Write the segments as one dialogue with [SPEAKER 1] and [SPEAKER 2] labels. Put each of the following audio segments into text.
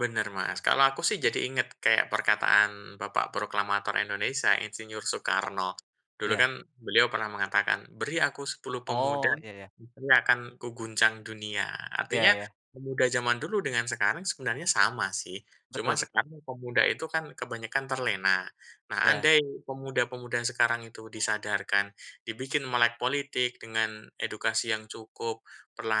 [SPEAKER 1] Benar, Mas, kalau aku, sih, jadi inget kayak perkataan bapak proklamator Indonesia, Insinyur
[SPEAKER 2] Ap
[SPEAKER 1] Soekarno. Dulu,
[SPEAKER 2] iya.
[SPEAKER 1] kan, beliau pernah mengatakan, "Beri aku 10 pemuda,
[SPEAKER 2] Oh, iya iya.
[SPEAKER 1] niscaya akan kuguncang dunia."
[SPEAKER 2] Iya
[SPEAKER 1] Artinya,
[SPEAKER 2] iya.
[SPEAKER 1] pemuda zaman dulu dengan sekarang sebenarnya sama, sih, cuma
[SPEAKER 2] Betul betul.
[SPEAKER 1] sekarang pemuda itu, kan, kebanyakan terlena, nah,
[SPEAKER 2] Iya.
[SPEAKER 1] andai pemuda-pemuda sekarang itu disadarkan, dibikin melek politik dengan edukasi yang cukup,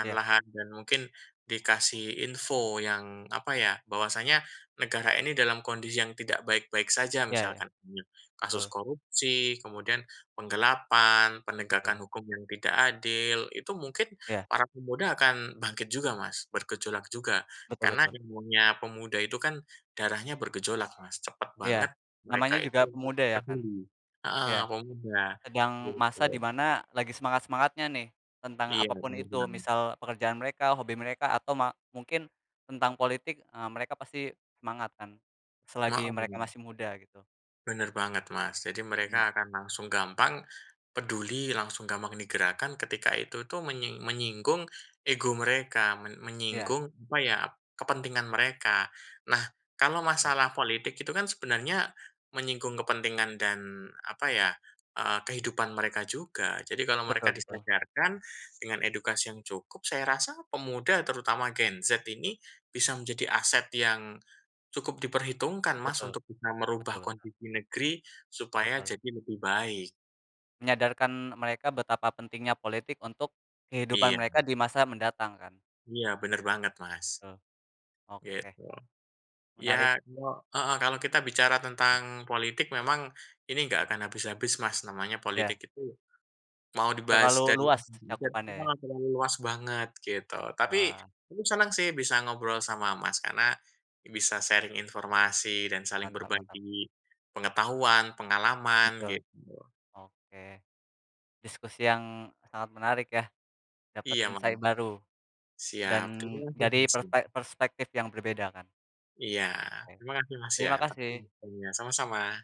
[SPEAKER 2] Iya.
[SPEAKER 1] dan mungkin dikasih info yang apa, ya, bahwasanya, negara ini dalam kondisi yang tidak baik-baik saja,
[SPEAKER 2] Iya iya,
[SPEAKER 1] misalkan [unintelligible] kasus
[SPEAKER 2] betul.
[SPEAKER 1] korupsi, kemudian penggelapan, penegakan
[SPEAKER 2] Betul.
[SPEAKER 1] hukum yang tidak adil. Itu mungkin
[SPEAKER 2] Iya.
[SPEAKER 1] para pemuda akan bangkit juga, Mas, bergejolak juga
[SPEAKER 2] Betul
[SPEAKER 1] karena
[SPEAKER 2] betul.
[SPEAKER 1] imunnya pemuda itu, kan, darahnya bergejolak, Mas, cepat banget
[SPEAKER 2] Iya, namanya
[SPEAKER 1] mereka itu
[SPEAKER 2] juga
[SPEAKER 1] untuk
[SPEAKER 2] pemuda, ya, kan.
[SPEAKER 1] peduli, heeh,
[SPEAKER 2] Iya,
[SPEAKER 1] pemuda,
[SPEAKER 2] sedang masa di
[SPEAKER 1] gitu.
[SPEAKER 2] mana lagi semangat-semangatnya, nih, tentang
[SPEAKER 1] Iya,
[SPEAKER 2] apa pun
[SPEAKER 1] benar
[SPEAKER 2] itu,
[SPEAKER 1] benar.
[SPEAKER 2] misal pekerjaan mereka, hobi mereka, atau ma mungkin tentang politik, eee, mereka pasti semangat, kan, selagi mereka
[SPEAKER 1] Hooh.
[SPEAKER 2] masih muda, gitu.
[SPEAKER 1] Benar banget, Mas. Jadi
[SPEAKER 2] Mhm.
[SPEAKER 1] mereka akan langsung gampang, peduli, langsung gampang digerakkan ketika itu, tuh, menying menyinggung ego mereka, men
[SPEAKER 2] Iya.
[SPEAKER 1] menyinggung apa, ya, kepentingan mereka. Nah, kalau
[SPEAKER 2] Eh.
[SPEAKER 1] masalah politik itu, kan, sebenarnya menyinggung kepentingan dan apa, ya, eee, kehidupan mereka juga, jadi kalau mereka
[SPEAKER 2] Betul betul.
[SPEAKER 1] disejajarkan dengan edukasi yang cukup, saya rasa pemuda, terutama Gen Z ini bisa menjadi aset yang cukup diperhitungkan, Mas,
[SPEAKER 2] Betul,
[SPEAKER 1] untuk bisa merubah
[SPEAKER 2] betul.
[SPEAKER 1] kondisi negeri supaya
[SPEAKER 2] Betul.
[SPEAKER 1] jadi lebih baik.
[SPEAKER 2] Menyadarkan mereka betapa pentingnya politik untuk kehidupan
[SPEAKER 1] Iya.
[SPEAKER 2] mereka di masa mendatang, kan.
[SPEAKER 1] Iya, benar banget, Mas.
[SPEAKER 2] Betul, oke.
[SPEAKER 1] Gitu.
[SPEAKER 2] Menarik.
[SPEAKER 1] Ya, kalau heeh, kalau kita bicara tentang politik, memang ini nggak akan habis-habis, Mas, namanya politik
[SPEAKER 2] Iya.
[SPEAKER 1] itu mau
[SPEAKER 2] Terlalu
[SPEAKER 1] dibahas dari
[SPEAKER 2] luas cakupannya, ya.
[SPEAKER 1] [unintelligible] luas banget, gitu. Tapi
[SPEAKER 2] Wah.
[SPEAKER 1] aku senang, sih, bisa ngobrol sama Mas karena bisa sharing informasi dan saling
[SPEAKER 2] Mantap mantap.
[SPEAKER 1] berbagi pengetahuan, pengalaman,
[SPEAKER 2] Betul.
[SPEAKER 1] gitu.
[SPEAKER 2] Oke. Diskusi yang sangat menarik, ya, dapat
[SPEAKER 1] Iya, Mas.
[SPEAKER 2] insight baru, dan
[SPEAKER 1] Siap, terima kasih,
[SPEAKER 2] dari
[SPEAKER 1] Mas, ya.
[SPEAKER 2] perspe perspektif yang berbeda, kan.
[SPEAKER 1] Iya,
[SPEAKER 2] Oke,
[SPEAKER 1] terima kasih, Mas, ya,
[SPEAKER 2] terima
[SPEAKER 1] tapi
[SPEAKER 2] kasih.
[SPEAKER 1] iya, sama-sama.